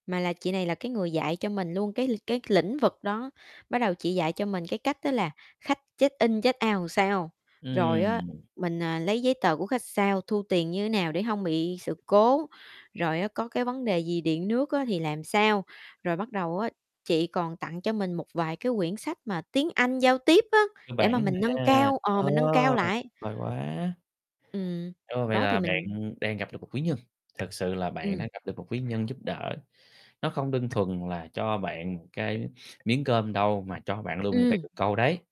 Mà là chị này là cái người dạy cho mình luôn cái l cái lĩnh vực đó, bắt đầu chị dạy cho mình cái cách đó là khách check in, check out làm sao. Rồi á, Ừm. mình, à, lấy giấy tờ của khách sao, thu tiền như thế nào để hông bị sự cố, rồi á, có cái vấn đề gì điện nước á thì làm sao, rồi bắt đầu á chị còn tặng cho mình một vài cái quyển sách mà tiếng Anh giao tiếp á để mà Bản thôi mình nâng ha. cao ờ, Ờ mình nâng cao lại. vời quá. Ừm. Ơ, vậy Đó thì là mình bạn đang gặp được một quý nhân, thực sự là bạn đang Ừm. gặp được một quý nhân giúp đỡ. Nó không đơn thuần là cho bạn một cái miếng cơm đâu mà cho bạn luôn một cây Ừm. cần câu đấy.